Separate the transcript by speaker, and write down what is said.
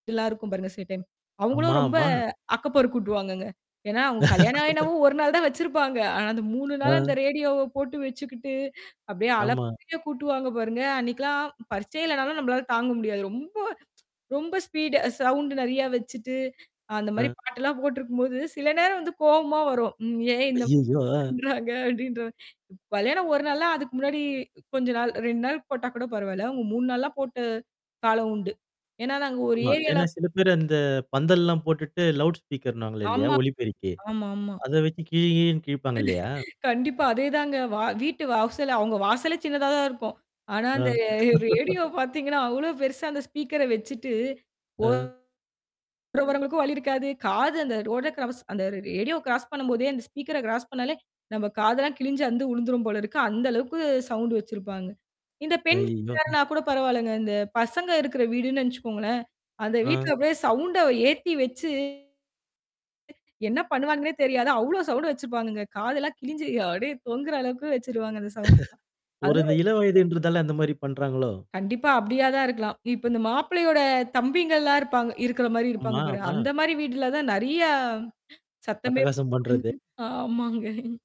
Speaker 1: எல்லாருக்கும் பாருங்க சில டைம். அவுங்களும்
Speaker 2: ஆமா
Speaker 1: ரொம்ப
Speaker 2: ஆமா.
Speaker 1: அக்கப்போர் கூட்டுவாங்கங்க. ஏன்னா, அவங்க கல்யாணம் என்னமோ, 1 நாள் தான் வச்சிருப்பாங்க. ஆனா அந்த 3 நாள் அந்த
Speaker 2: ஆ.
Speaker 1: ரேடியோவ போட்டு வச்சுக்கிட்டு, அப்டியே
Speaker 2: ஆமா.
Speaker 1: அலப்பறைய கூட்டுவாங்க பாருங்க. அன்னைக்கு எல்லாம் பரிட்சையே இல்லன்னாலும், நம்பளால தாங்க முடியாது. ரொம்ப ரொம்ப ஸ்பீடு அ சவுண்டு நெறையா வச்சுட்டு, அந்த மாரி
Speaker 2: அ.
Speaker 1: பாட்டு எல்லாம் போட்டு இருக்கும்போது, சில நேரம் கோவமா வரும். ம் ஏன் இந்தம்
Speaker 2: ஐயையோ! அ
Speaker 1: பண்றாங்க? அப்டின்ற மாரி கல்யாணம் ஒரு நாள்ன்னா, அதுக்கு முன்னாடி கொஞ்ச நாள் 2 நாள் போட்டா கூடப் பரவால்லை. அவுங்க 3 நாள்லாம் போட்டு காலம் உண்டு. ஏன்னா நாங்க ஒரு
Speaker 2: ஆமா. ஏன்னா
Speaker 1: ஏரியாலப்
Speaker 2: சில பேரு அந்த, பந்தல்லாம் போட்டுட்டு, லவுட் ஸ்பீக்கர்ன்னுவாங்க இல்லயா!
Speaker 1: ஆமா.
Speaker 2: ஒலி பெருக்கி,
Speaker 1: ஆமாமா.
Speaker 2: அத வச்சி கிழி கிழின்னு கிழிப்பாங்க இல்லையா?
Speaker 1: கண்டிப்பா அதே தாங்க. வா வீட்டு வாசல்ல அவுங்க வாசலே சின்னதா தான் இருக்கும். ஆனா
Speaker 2: ஆ.
Speaker 1: அந்த அ ரேடியோ பாத்தீங்கன்னா, அவ்வளோ பெருசா அந்த ஸ்பீக்கர வச்சுட்டு,
Speaker 2: அ.
Speaker 1: ஓரமா போற வரவங்களுக்கும் வழி இருக்காது. காது அந்த ரோட க்ராஸ் அந்த ரேடியோ க்ராஸ் பண்ணம்போதே அந்த ஸ்பீக்கர க்ராஸ் பண்ணாலே, நம்ப காதுல்லாம் கிழிஞ்சு அந்து விழுந்துரும் போல இருக்கு. அந்த அளவுக்கு சவுண்டு வச்சிருப்பாங்க. இந்த பெண்
Speaker 2: அய்யோ.
Speaker 1: வீட்டார்ன்னா கூடப் பரவால்லங்க. அந்தப் பசங்க இருக்குற வீடுன்னு நெனச்சுக்கோங்களேன்! அந்த
Speaker 2: அ.
Speaker 1: வீட்டுல அப்டியே சவுண்ட ஏத்தி வச்சு என்னா பண்ணுவானுங்கன்னே தெரியாது. அவ்வளோ சவுண்டு வச்சிருப்பானுங்க. காது எல்லாம் கிழிஞ்சு அப்படியே தொங்குற அளவுக்கு வெச்சிடுவாங்க. அந்த சவுண்டு.
Speaker 2: ஒரு
Speaker 1: அதுல
Speaker 2: இந்த இளவயதுன்றுதால அந்த மாரி பண்றாங்களோ?
Speaker 1: கண்டிப்பா, அப்டியா தான் இருக்கலாம். இப்போ இந்த மாப்பிள்ளையோட தம்பிங்கலாம் இருப்பாங்க இருக்குற மாரி இருப்பாங்க
Speaker 2: ஆமா
Speaker 1: பாருங்க.
Speaker 2: ஆமா.
Speaker 1: அந்த மாரி வீட்டுல தான் நெறையா சத்தமே
Speaker 2: அட்டகாசம் பண்றது.
Speaker 1: ஆமாங்க.